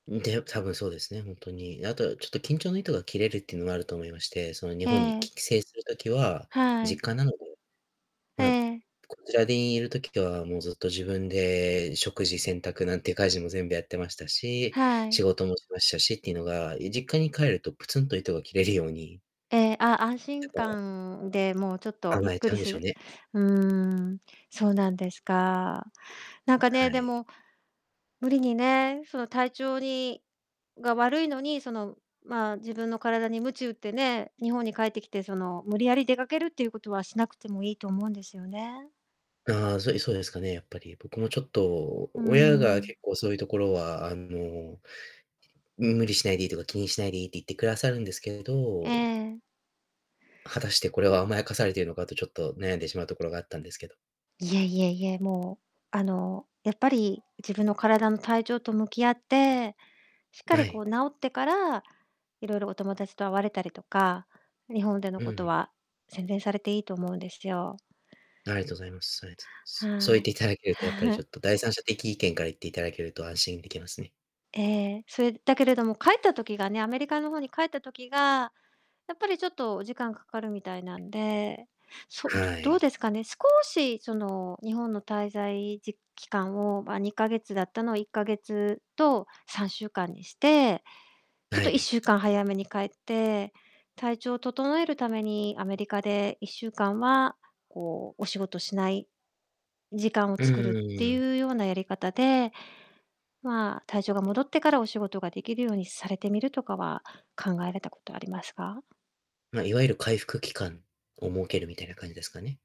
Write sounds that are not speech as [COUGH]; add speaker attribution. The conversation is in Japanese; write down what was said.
Speaker 1: で、多分そうですね、本当に。あとちょっと緊張の糸が切れるっていうのがあると思いまして、その日本に
Speaker 2: ええ。
Speaker 1: き帰省する時は、
Speaker 2: は
Speaker 1: 実
Speaker 2: い。
Speaker 1: 家なので、
Speaker 2: え
Speaker 1: ま、
Speaker 2: え。
Speaker 1: こちらにいる時はもうずっと自分で食事洗濯なんて家事も全部やってましたし、
Speaker 2: はい。
Speaker 1: 仕事もしましたしっていうのが、い実家に帰るとプツンと糸が切れるように
Speaker 2: え、あ安心
Speaker 1: [UNINTELLIGIBLE]
Speaker 2: 感でもうちょっとゆっ
Speaker 1: 甘え
Speaker 2: く
Speaker 1: ちゃ
Speaker 2: り
Speaker 1: うんで
Speaker 2: す
Speaker 1: しょ
Speaker 2: る
Speaker 1: うね。
Speaker 2: うん、そうなんですか。なんか
Speaker 1: は
Speaker 2: ね、で
Speaker 1: い。
Speaker 2: も無理にね、その体調にが悪いのにそのま、自分の体に鞭を打ってね、日本に帰ってきてその、無理やり出かけるっていうことはしなくてもいいと思うんですよね。
Speaker 1: あ、そうですそうですかね、やっぱり。僕もちょっと
Speaker 2: う
Speaker 1: 親が
Speaker 2: ん。
Speaker 1: 結構そういうところは、あの無理しないでいいとか、気にしないでいいって言ってくださるんですけ
Speaker 2: え
Speaker 1: ど
Speaker 2: え。
Speaker 1: 果たしてこれは甘やかされているのかと、ちょっと悩んでしまうところがあったんですけど。
Speaker 2: いえいえいえ、もう、あの、やっぱり自分の体の体調と向き合って、しっか
Speaker 1: は
Speaker 2: りこ
Speaker 1: い。
Speaker 2: う治ってから、いろいろお友達と会われたりとか、日本での
Speaker 1: うんう
Speaker 2: こと
Speaker 1: ん。
Speaker 2: は宣伝されていいと思うんですよ。
Speaker 1: ありがとうございますありがとうございます。そう
Speaker 2: は
Speaker 1: 言っ
Speaker 2: い。
Speaker 1: ていただけると、やっぱりちょ
Speaker 2: [CHUCKLES]
Speaker 1: っと、第三者的意見から言っていただけると安心できますね。
Speaker 2: え、それだけれども帰った時がね、アメリカの方に帰った時がやっぱりちょっとお時間かかるみたいなんで、そう、ど
Speaker 1: は
Speaker 2: どう
Speaker 1: い。
Speaker 2: ですかね。少し、その、日本の滞在時期間をま、2ヶ月だったのを1ヶ月と3週間にして、ちょっ
Speaker 1: は
Speaker 2: といっ
Speaker 1: い。
Speaker 2: しゅうかん早めに帰って体調を整えるためにアメリカで1週間はこうお仕事しない時間を
Speaker 1: うん
Speaker 2: 作る
Speaker 1: う
Speaker 2: っ
Speaker 1: ん
Speaker 2: て
Speaker 1: うん。
Speaker 2: いうようなやり方で、ま、体調が戻ってからお仕事ができるようにされてみるとかは、考えられたことありますか？
Speaker 1: ま、いわゆる回復期間を設けるみたいな感じですかね。